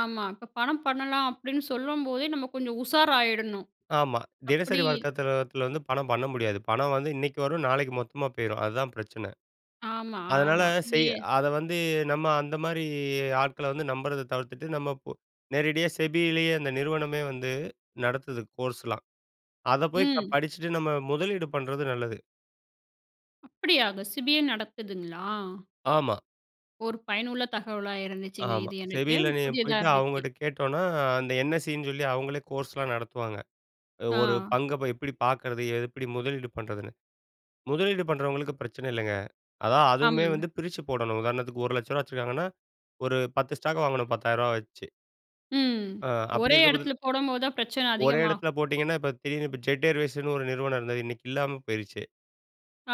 ஆமா. இப்போ பணம் பண்ணலாம் அப்படின்னு சொல்லும்போதே நம்ம கொஞ்சம் உஷாராயிடணும். ஆமா. அப்படி தினசரி வர்க்கத்தத்தில தில வந்து பணம் பண்ண முடியாது. பணம் வந்து இன்னைக்கு வரும், நாளைக்கு மொத்தமா போயிரும், அதுதான் பிரச்சனை. ஆமா, அதனால ஆமா. இதே செய் அதை வந்து நம்ம அந்த மாரி ஆட்களை வந்து நம்புறத தவிர்த்துட்டு, நம்ம இப்போ நேரடியா SEBIலேயே அந்த நிறுவனமே வந்து நடத்துது கோர்ஸ்லாம். அதை போய் க ம். படிச்சிட்டு, நம்ம முதலீடு பண்ணுறது நல்லது. அப்படியாங்க! SEBIயே நடக்குதுங்களா? ஆமா. ஒரு பயனுள்ள தகவலா இருந்துச்சுங்க, ஆமா. இது எனக்கு. SEBIல நீங்க புதியதா போய்ட்டு இருந்துச்சு. அவங்ககிட்ட கேட்டோம்னா, அந்த NSEன்னு சொல்லி அவுங்களே கோர்ஸ்லாம் நடத்துவாங்க. அ ஒரு ஆ. பங்கை ப எப்படி பார்க்கிறது? எப்படி முதலீடு பண்ணுறதுன்னு, முதலீடு பண்ணுறவங்களுக்கு பிரச்சனை இல்லைங்க. அதான் அதுவுமே ஆமாங்க. வந்து பிரிச்சு போடணும், உதாரணத்துக்கு ரூ. 1,00,000 வச்சுருக்காங்கன்னா, ஒரு 10 ஸ்டாக் வாங்கணும். ரூ. 10,000 வச்சு. ம். ஆ, அப்படி ஒரே இருக்க பதில் இடத்துல போடம் போதுதான் பிரச்சனை ஒரே அதிகமாகும். இடத்துல போட்டீங்கன்னா, இப்போ திடீர்னு இப்போ Jet Airwaysன்னு ஒரு நிறுவனம் இருந்தது, இன்னைக்கு இல்லாம போயிருச்சு.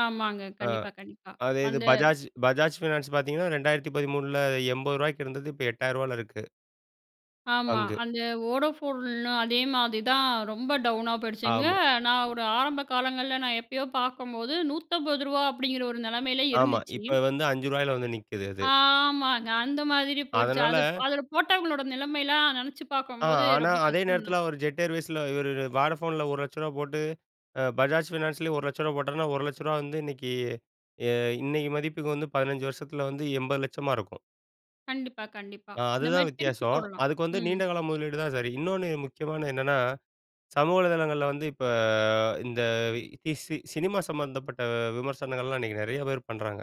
ஆமாங்க. ஆ. கண்டிப்பா, கண்டிப்பா. அது இது வந்து Bajaj Bajaj Finance பார்த்தீங்கன்னா, 2013ல ரூ. 80க்கு இருந்தது, இப்போ ரூ. 8,000ல இருக்கு. ஆமா. பங்கு. அந்த வோடாஃபோன்ல அதே மாதிரிதான் ரொம்ப டவுனா போயிடுச்சுங்க. ஆமா. நான் ஒரு ஆரம்ப காலங்கள்ல நான் எப்பயோ பார்க்கும்போது ரூ. 150 அப்படிங்கிற ஒரு நிலைமையில ஆமா. இருந்துச்சு. இப்ப வந்து ரூ. 5ல வந்து நிக்குது அது. ஆமாங்க. அந்த மாதிரி போயிடுச்சு. அது ப் அதனால அதில போட்டவங்களோட நிலைமையெல்லாம் நினைச்சு ஆ, பார்க்கும்போது ஆனா ரொம்ப அதே கஷ்டம் நேரத்தில தான். அவர் Jet Airwaysல இவர் Vodafoneல ரூ. 1,00,000 போட்டு, அ Bajaj Financeலயும் ரூ. 1,00,000 போட்டான்னா, ரூ. 1,00,000 வந்து இன்னைக்கு, அ இன்னைக்கு மதிப்புக்கு வந்து 15 வருஷத்தில வந்து 80,00,000 இருக்கும். கண்டிப்பா, கண்டிப்பா. ஆ, இந்த அதுதான் மாரி பிரிச்சு வித்தியாசம். போடலாம். அதுக்கு வந்து ம். நீண்ட கால முதலீடுதான் சரி. இன்னொன்னு முக்கியமானது என்னன்னா, சமூக வலைதளங்கள்ல வந்து இப்ப இந்த ஸ் சினிமா சம்மந்தப்பட்ட விமர்சனங்கள்லாம் இன்னைக்கு நிறைய பேர் பண்றாங்க.